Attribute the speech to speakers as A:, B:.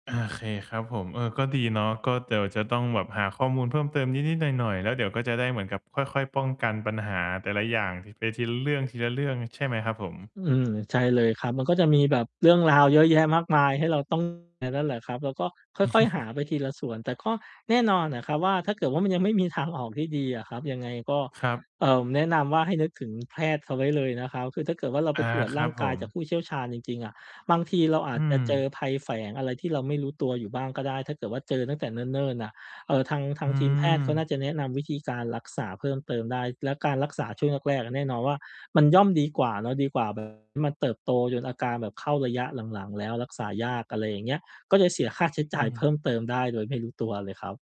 A: โอเคครับผม เออ ก็ดีเนาะ ก็เดี๋ยวจะต้องแบบหาข้อมูลเพิ่มเติมนิด ๆ หน่อย ๆ แล้วเดี๋ยวก็จะได้เหมือนกับค่อย ๆ ป้องกันปัญหาแต่ละอย่างที ไปทีละเรื่อง ๆ ใช่ไหมครับผม?
B: อืม ใช่เลยครับ มันก็จะมีแบบเรื่องราวเยอะแยะมากมายให้เรา ต้อง นั่นแหละครับ แล้วก็ค่อย ๆ หาไปทีละส่วน แต่ก็แน่นอนน่ะครับว่า ถ้าเกิดว่ามันยังไม่มีทางออกที่ดีอะครับ ยังไงก็
A: ครับ
B: เอ่อ แนะนำว่าให้นึกถึงแพทย์เขาไว้เลยนะครับ คือถ้าเกิดว่าเราไ
A: อ
B: ป
A: า
B: ตรวจ
A: ค
B: ร
A: ร
B: ่
A: ั
B: า
A: บ
B: ง
A: ผ
B: กายจาก
A: ม
B: ผู้เชี่ยวชาญจริง ๆ อะ บางทีเราอา
A: อื
B: จจะเจ
A: ม
B: อภัยแฝงอะไรที่เราไม่รู้ตัวอยู่บ้างก็ได้ ถ้าเกิดว่าเจอตั้งแต่เนิ่น ๆ น่ะ เอ่อ ทาง ทา
A: อื
B: งทีมแพทย์เขาน่า
A: ม
B: จะแนะนำวิธีการรักษาเพิ่มเติมได้ แล้วการรักษาช่วงแรก ๆ แน่นอนว่ามันย่อมดีกว่าเนาะ ดีกว่า แบบที่ มันเติบโตจนอาการแบบเข้าระยะหลัง ๆ แล้วรักษายาก อะไรอย่างเงี้ย ก็จะเสียค่าใช้
A: อื
B: จ่ายเพิ่
A: ม
B: มเติมได้โดยไม่รู้ตัวเลยครับ